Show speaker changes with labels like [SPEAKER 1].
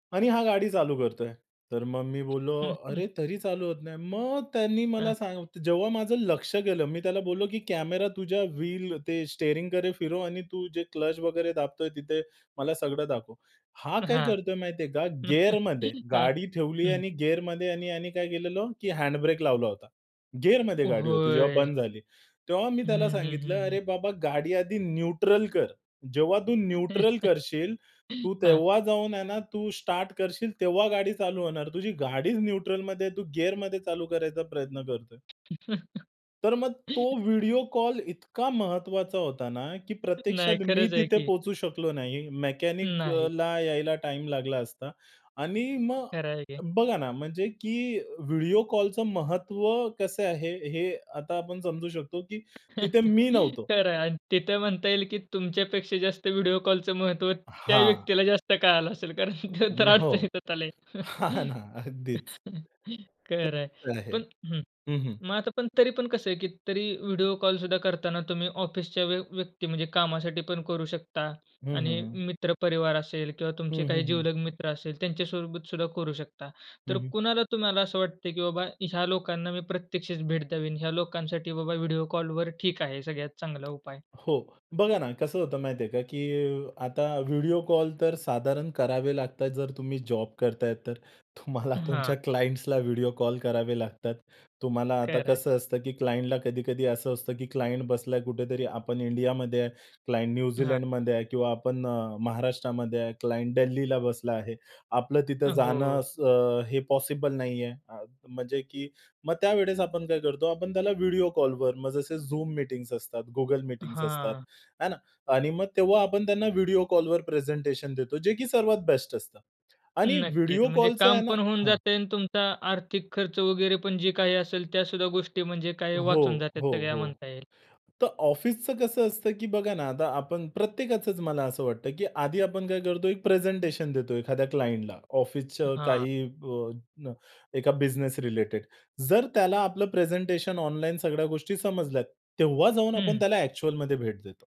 [SPEAKER 1] आणि हा गाडी चालू करतोय. तर मग मी बोललो
[SPEAKER 2] हं, हं.
[SPEAKER 1] अरे तरी चालू होत नाही? मग त्यांनी मला
[SPEAKER 2] हां.
[SPEAKER 1] सा जेव्हा माझं लक्ष गेलं मी त्याला बोललो की कॅमेरा तुझ्या व्हील ते स्टिअरिंगकडे फिरव आणि तू जे क्लच वगैरे दाबतोय, तिथे मला सगळं दाखव. हा काय
[SPEAKER 2] हां.
[SPEAKER 1] करतोय माहितीये का? गिअरमध्ये
[SPEAKER 2] हां,
[SPEAKER 1] गाडी ठेवली आहे
[SPEAKER 2] हं.
[SPEAKER 1] आणि गिअरमध्ये आणि यानी यानी काय केलेलं की हँड ब्रेक लावला होता. गिअरमध्ये गाडी होती जेव्हा
[SPEAKER 2] होय.
[SPEAKER 1] बंद झाली. तेव्हा मी त्याला
[SPEAKER 2] हं, हं.
[SPEAKER 1] सांगितलं
[SPEAKER 2] हं, हं.
[SPEAKER 1] "अरे बाबा गाडी आधी न्यूट्रल कर. जेव्हा तू न्यूट्रल करशील, तू
[SPEAKER 2] हां.
[SPEAKER 1] तेव्हा जाऊन आहे ना, तू स्टार्ट करशील तेव्हा गाडी चालू होणार. तुझी गाडीच न्यूट्रलमध्ये आहे. तू गिअरमध्ये चालू करायचा प्रयत्न करतोय." तर मग तो व्हिडिओ कॉल इतका महत्वाचा होता ना, की
[SPEAKER 2] नाही.
[SPEAKER 1] प्रत्यक्षात मी
[SPEAKER 2] खरंच आहे
[SPEAKER 1] तिथे
[SPEAKER 2] की.
[SPEAKER 1] पोहचू शकलो नाही.
[SPEAKER 2] नाही.
[SPEAKER 1] मेकॅनिकला यायला टाईम लागला असता. आणि मग
[SPEAKER 2] खरं आहे की.
[SPEAKER 1] बघा ना, म्हणजे की व्हिडिओ कॉलचं महत्व कसं आहे हे आता आपण समजू शकतो की तिथे मी नव्हतो.
[SPEAKER 2] खरं आहे आणि तिथे म्हणता येईल की तुमच्यापेक्षा जास्त व्हिडिओ कॉलचं महत्व त्या
[SPEAKER 1] हां.
[SPEAKER 2] व्यक्तीला जास्त कळालं असेल, कारण
[SPEAKER 1] अ,
[SPEAKER 2] ते तर
[SPEAKER 1] हो.
[SPEAKER 2] अडचणीतच आले.
[SPEAKER 1] हां ना अगदीच. ते
[SPEAKER 2] खरं आहे.
[SPEAKER 1] तर [unintelligible] आहे.
[SPEAKER 2] पण हं.
[SPEAKER 1] हं, हं.
[SPEAKER 2] मग आता पण तरी पण कसं आहे की तरी व्हिडिओ कॉल सुद्धा करताना तुम्ही ऑफिसच्या व्य व्यक्ती म्हणजे कामासाठी पण करू शकता.
[SPEAKER 1] हं,
[SPEAKER 2] आणि
[SPEAKER 1] हं. हं.
[SPEAKER 2] मित्र परिवार असेल किंवा तुमचे
[SPEAKER 1] हं,
[SPEAKER 2] काही
[SPEAKER 1] हं. हं.
[SPEAKER 2] जीवलग मित्र असेल त्यांच्या सोबत सुद्धा करू शकता.
[SPEAKER 1] हं,
[SPEAKER 2] तर
[SPEAKER 1] हं.
[SPEAKER 2] कुणाला तुम्हाला असं वाटतं, की बाबा ह्या लोकांना मी प्रत्यक्षच भेट द्यावी, ह्या लोकांसाठी बाबा व्हिडिओ कॉलवर ठीक आहे सगळ्यात चांगला उपाय?
[SPEAKER 1] हो बघा ना, कसं होतं माहिती आहे का, की आता व्हिडिओ कॉल तर साधारण करावे लागतात जर तुम्ही जॉब करताय तर. तुम्हाला तुमच्या
[SPEAKER 2] हां.
[SPEAKER 1] क्लायंट्सला व्हिडिओ कॉल करावे लागतात. तुम्हाला आता
[SPEAKER 2] खरं आहे.
[SPEAKER 1] कसं असतं की क्लायंटला कधी-कधी असं असतं की क्लायंट बसला कुठेतरी, आपण इंडियामध्ये आहे. क्लायंट
[SPEAKER 2] हां.
[SPEAKER 1] न्यूझीलंडमध्ये आहे किंवा आपण अ, महाराष्ट्रामध्ये आहे क्लायंट दिल्लीला बसला आहे. आपलं तिथं
[SPEAKER 2] अ,
[SPEAKER 1] जाणं
[SPEAKER 2] हो.
[SPEAKER 1] स हे पॉसिबल नाहीये. अ, म्हणजे की मग त्यावेळेस आपण काय करतो आपण त्याला व्हिडिओ कॉलवर मग जसे Zoom मीटिंग्ज असतात, Google मीटिंग्ज असतात,
[SPEAKER 2] हां.
[SPEAKER 1] आहे ना. आणि मग तेव्हा आपण त्यांना व्हिडिओ कॉलवर प्रेझेंटेशन देतो जे की सर्वात बेस्ट असतं. आणि
[SPEAKER 2] नक्कीच.
[SPEAKER 1] व्हिडिओ
[SPEAKER 2] म्हणजे
[SPEAKER 1] कॉलचं
[SPEAKER 2] काम
[SPEAKER 1] आहे ना
[SPEAKER 2] पण होऊन
[SPEAKER 1] हां.
[SPEAKER 2] जातंय आणि तुमचा आर्थिक खर्च वगैरे पण जे काही असेल, त्या सुद्धा गोष्टी म्हणजे काय वाचून
[SPEAKER 1] हो,
[SPEAKER 2] जातात
[SPEAKER 1] हो.
[SPEAKER 2] सगळ्या
[SPEAKER 1] हो.
[SPEAKER 2] म्हणता येईल.
[SPEAKER 1] तर ऑफिसचं कसं असतं, की बघा ना आता आपण प्रत्येकाचंच मला असं वाटतं, की आधी आपण काय करतो एक प्रेझेंटेशन देतो एखाद्या क्लायंटला ऑफिसचं
[SPEAKER 2] हां.
[SPEAKER 1] काही अ, एका बिझनेस रिलेटेड. जर त्याला आपलं प्रेझेंटेशन ऑनलाईन सगळ्या गोष्टी समजल्यात, तेव्हा जाऊन आपण
[SPEAKER 2] हं.
[SPEAKER 1] त्याला ॲक्चुअलमध्ये भेट देतो.